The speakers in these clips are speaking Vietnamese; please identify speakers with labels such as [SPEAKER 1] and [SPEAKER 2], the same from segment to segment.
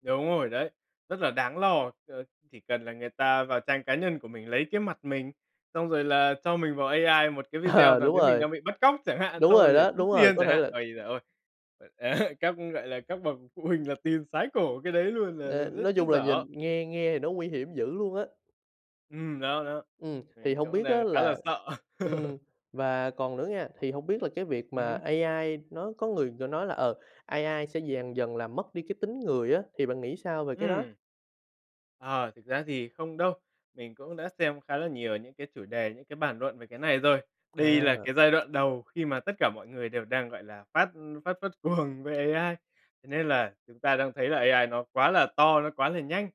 [SPEAKER 1] Đúng rồi đấy. Rất là đáng lo, ờ, chỉ cần là người ta vào trang cá nhân của mình lấy cái mặt mình, xong rồi là cho mình vào AI một cái video
[SPEAKER 2] Ờ,
[SPEAKER 1] nào
[SPEAKER 2] đúng
[SPEAKER 1] đấy mình
[SPEAKER 2] rồi.
[SPEAKER 1] đang bị bắt cóc chẳng hạn,
[SPEAKER 2] Đúng
[SPEAKER 1] xong
[SPEAKER 2] rồi
[SPEAKER 1] rồi để
[SPEAKER 2] đó,
[SPEAKER 1] tống
[SPEAKER 2] đúng rồi.
[SPEAKER 1] tiền
[SPEAKER 2] Có
[SPEAKER 1] chẳng
[SPEAKER 2] thể
[SPEAKER 1] hạn.
[SPEAKER 2] là
[SPEAKER 1] Ôi giời ơi! Các, gọi là, các bậc phụ huynh là tin sái cổ cái đấy luôn là là
[SPEAKER 2] Ờ,
[SPEAKER 1] rất
[SPEAKER 2] nói
[SPEAKER 1] chết
[SPEAKER 2] chung là
[SPEAKER 1] dở.
[SPEAKER 2] nhìn nghe nghe thì nó nguy hiểm dữ luôn á.
[SPEAKER 1] Ừm, đó đó,
[SPEAKER 2] Ừm, thì
[SPEAKER 1] mình
[SPEAKER 2] hông
[SPEAKER 1] cũng
[SPEAKER 2] biết
[SPEAKER 1] đang
[SPEAKER 2] á
[SPEAKER 1] khá là
[SPEAKER 2] là
[SPEAKER 1] sợ.
[SPEAKER 2] ừm, và còn nữa nghe, thì hổng biết là cái việc
[SPEAKER 1] Ừm
[SPEAKER 2] mà
[SPEAKER 1] hứm.
[SPEAKER 2] AI nó có người, kiểu, nói là, ờ, AI sẽ dần dần là mất đi cái tính người á, thì bạn nghĩ sao về cái đó?
[SPEAKER 1] Ừm. Ờ, thực ra thì không đâu. Mình cũng đã xem khá là nhiều những cái chủ đề, những cái bàn luận về cái này rồi. Đây là
[SPEAKER 2] À.
[SPEAKER 1] cái giai đoạn đầu khi mà tất cả mọi người đều đang, gọi là, phát phát phát cuồng về AI, thế nên là chúng ta đang thấy là AI nó quá là to, nó quá là nhanh.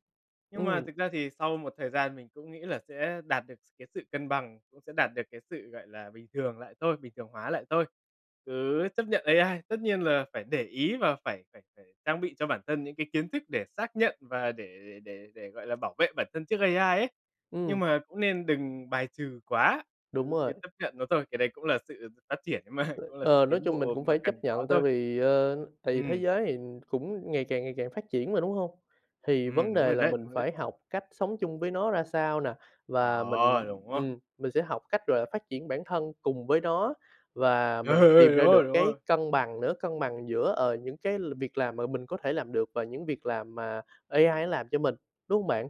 [SPEAKER 1] Nhưng mà
[SPEAKER 2] Ừm.
[SPEAKER 1] thực ra thì sau một thời gian mình cũng nghĩ là sẽ đạt được s cái sự cân bằng, cũng sẽ đạt được cái sự, gọi là, bình thường lại thôi, bình thường hóa lại thôi, cứ chấp nhận AI. Tất nhiên là phải để ý và phải phải phải trang bị cho bản thân những cái kiến thức để xác nhận, và để để để để, gọi là, bảo vệ bản thân trước AI ấy. Nhưng
[SPEAKER 2] Ừm.
[SPEAKER 1] mà cũng nên đừng bài trừ quá,
[SPEAKER 2] Đúng
[SPEAKER 1] cứ cứ
[SPEAKER 2] rồi.
[SPEAKER 1] chấp nhận nó thôi. Cái đấy cũng là sự sự phát triển ấy mà, cũng là sự
[SPEAKER 2] Ờ, nói
[SPEAKER 1] tiến
[SPEAKER 2] chung mình
[SPEAKER 1] bộ
[SPEAKER 2] cũng
[SPEAKER 1] mà
[SPEAKER 2] phải chấp
[SPEAKER 1] cần có
[SPEAKER 2] nhận, tại
[SPEAKER 1] thôi.
[SPEAKER 2] vì, ơ, tại vì thế
[SPEAKER 1] Ừm.
[SPEAKER 2] giới thì cũng ngày càng, ngày càng phát triển mà, đúng hông? Thì
[SPEAKER 1] Ừm,
[SPEAKER 2] vấn
[SPEAKER 1] đúng rồi
[SPEAKER 2] đề là
[SPEAKER 1] đấy, đúng
[SPEAKER 2] mình
[SPEAKER 1] rồi đấy.
[SPEAKER 2] phải học cách sống chung với nó ra sao nè? Và mình,
[SPEAKER 1] Ờ, đúng á.
[SPEAKER 2] ừm, mình sẽ học cách rồi phát triển bản thân cùng với nó, và
[SPEAKER 1] Ừ,
[SPEAKER 2] mình
[SPEAKER 1] ừ,
[SPEAKER 2] tìm
[SPEAKER 1] đúng
[SPEAKER 2] ra
[SPEAKER 1] rồi,
[SPEAKER 2] được
[SPEAKER 1] đúng
[SPEAKER 2] cái
[SPEAKER 1] rồi.
[SPEAKER 2] cân bằng nữa, cân bằng giữa, ờ, những cái l việc làm mà mình có thể làm được và những việc làm mà AI nó làm cho mình, đúng hông bạn?